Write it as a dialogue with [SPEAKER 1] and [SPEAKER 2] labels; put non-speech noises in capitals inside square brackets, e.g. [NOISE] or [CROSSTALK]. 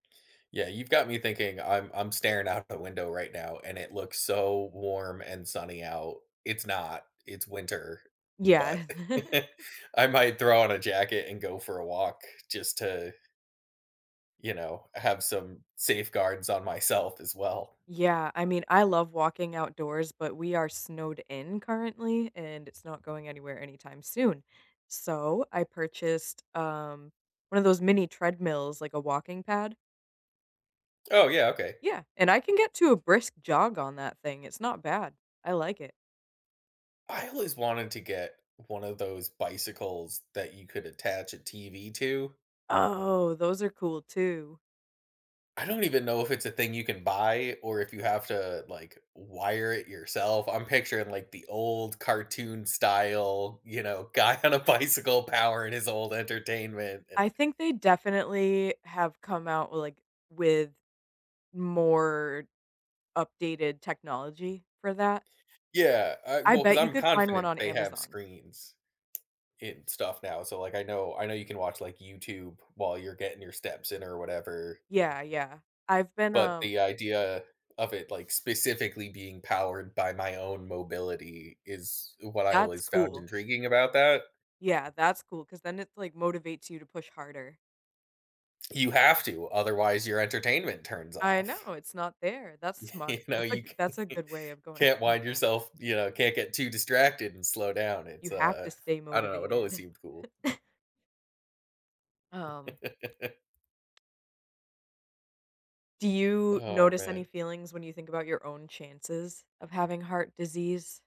[SPEAKER 1] Yeah, you've got me thinking I'm I'm staring out the window, right now, and it looks so warm, and sunny out. It's not. It's winter, but
[SPEAKER 2] Yeah. [LAUGHS]
[SPEAKER 1] [LAUGHS] I might throw on a jacket and go for a walk just to you know, have some safeguards on myself as well.
[SPEAKER 2] Yeah, I mean, I love walking outdoors, but we are snowed in, currently, and it's not going anywhere anytime soon. So, I purchased, um, 1 of those mini treadmills, like a walking pad.
[SPEAKER 1] Oh, yeah, okay.
[SPEAKER 2] Yeah, and I can get to a brisk jog on that thing, it's not bad. I like it.
[SPEAKER 1] I always wanted to get 1 of those bicycles that you could attach a TV to.
[SPEAKER 2] Oh, those are cool too.
[SPEAKER 1] I don't even know if it's a thing you can buy, or if you have to like w wire it yourself, I'm picturing like the old cartoon style, you know, guy on a bicycle powering his old entertainment
[SPEAKER 2] I
[SPEAKER 1] and
[SPEAKER 2] think they definitely have come out with, like with more updated technology for that.
[SPEAKER 1] Yeah, I
[SPEAKER 2] I
[SPEAKER 1] Well, 'cause
[SPEAKER 2] bet you
[SPEAKER 1] I'm
[SPEAKER 2] could find 1
[SPEAKER 1] confident
[SPEAKER 2] on
[SPEAKER 1] they have
[SPEAKER 2] Amazon.
[SPEAKER 1] screens in stuff now so, like, I know I know you can watch like YouTube while you're getting your steps in or whatever.
[SPEAKER 2] Yeah, yeah, I've been,
[SPEAKER 1] But
[SPEAKER 2] um
[SPEAKER 1] the idea of it like specifically being powered by my own mobility is what I
[SPEAKER 2] That's
[SPEAKER 1] always found
[SPEAKER 2] cool.
[SPEAKER 1] intriguing about that.
[SPEAKER 2] Yeah, that's cool, 'cause then it's, like motivates you to push harder.
[SPEAKER 1] You have to, otherwise your entertainment turns
[SPEAKER 2] I
[SPEAKER 1] off.
[SPEAKER 2] know, it's not there. That's
[SPEAKER 1] You
[SPEAKER 2] smart.
[SPEAKER 1] know,
[SPEAKER 2] That's a
[SPEAKER 1] you
[SPEAKER 2] g that's a
[SPEAKER 1] c
[SPEAKER 2] good way of going
[SPEAKER 1] can't
[SPEAKER 2] through
[SPEAKER 1] wind
[SPEAKER 2] that.
[SPEAKER 1] yourself you know, can't get too distracted and slow down,
[SPEAKER 2] You
[SPEAKER 1] it's,
[SPEAKER 2] have
[SPEAKER 1] uh
[SPEAKER 2] to stay
[SPEAKER 1] I don't know, it always
[SPEAKER 2] motivated.
[SPEAKER 1] seemed cool.
[SPEAKER 2] [CHUCKLES] [COUGHS] Um
[SPEAKER 1] [LAUGHS]
[SPEAKER 2] Do you
[SPEAKER 1] Oh
[SPEAKER 2] notice any
[SPEAKER 1] man.
[SPEAKER 2] feelings when you think about your own chances of having heart disease?